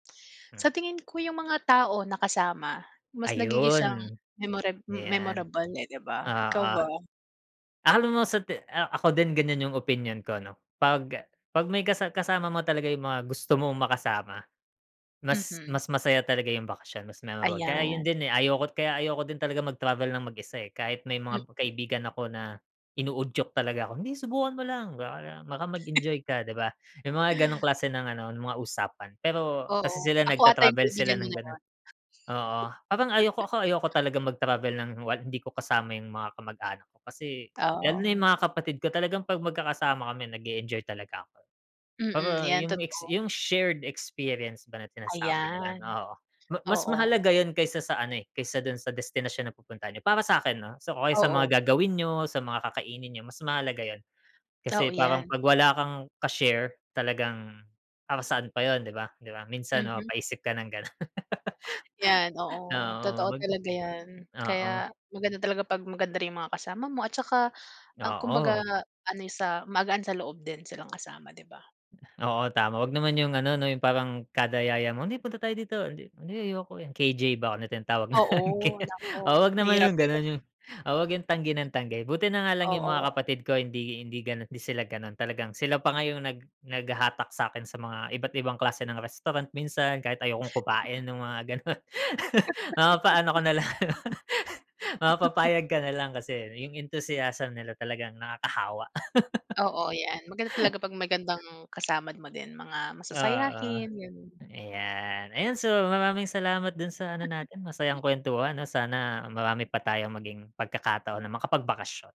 Hmm. Sa tingin ko, yung mga tao na kasama. Mas nagigisang Ayun. memora Ayan. memorable eh, 'di ba? Ikaw Oo. ba? Akala mo sa te ah, ako din ganyan yung opinyon ko, 'no. 'Pag 'pag may kasa kasama mo talaga yung mga gusto mong makasama, mas Mhm. mas masaya talaga yung bakasyon, mas memorable. Kaya ayun Ayan. din eh, ayoko kaya ayoko din talaga mag-travel ng mag-isa, eh. Kahit may mga Mhm. kaibigan ako na inuudyok talaga ako, "Hindi, subukan mo lang baka baka mag-enjoy ka, 'di ba?" Yung mga gano'ng klase ng ano, mga usapan. Pero kasi Oo. sila Ako ata yung nagta-travel sila kaibigan mo ng na gano'n. yun. Oo. Parang ayoko ako ayoko talagang mag-travel ng wal hindi ko kasama yung mga kamag-anak ko, kasi lalo na yung Oh. mga kapatid ko, talagang 'pag magkakasama kami nag-e-enjoy talaga ako. Pero Mm. Yan yung ex totoo. yung shared experience ba na sinasabi nila, Ayan. oo, ma mas Oo. mahalaga yun kaysa sa ano eh, kaysa dun sa destinasyon na pupuntahan niyo, para sa'kin, ah, so o kaya sa Oo. mga gagawin niyo, sa mga kakainin niyo, mas mahalaga yun. Oo, Kasi parang yan. 'pag wala kang ka-share talagang, para saan pa yun, 'di ba? 'Di ba minsan Mhm. mapapaisip ka ng gano'n. Yan, oo. Oo, Totoo mag talaga yan. oo. Kaya maganda talaga 'pag maganda rin yung mga kasama mo at saka, ah, kumbaga Oo. ano eh, sa magaan sa loob din silang kasama, 'di ba? Oo, tama. Huwag naman yung ano, yung parang kada yaya mo, "Hindi, punta tayo dito", "Hindi, ayoko eh", KJ ba yung tinatawag na yun K Oo. Naku, Oo, huwag naman mahirap yung yun. ganun, yung oo, huwag yung tanggi ng tanggi. Buti na nga lang yung mga Oo. kapatid ko hindi hindi gano'n hindi sila gano'n. Talagang sila pa nga yung nag naghahatak sakin sa mga iba't ibang klase ng restaurant minsan, kahit ayokong kumain ng mga gano'n. Mapapaano ko na lang, mapapapayag ka na lang kasi yung enthusiasm nila talagang nakakahawa. Oo, yan. Maganda talaga 'pag magandang kasama mo din, mga Oo. masasayahin, ganun Ayan. Ayan, so, maraming salamat dun sa ano natin, masayang kuwentuhan, 'no, sana marami pa tayong maging pagkakataon na makapagbakasyon.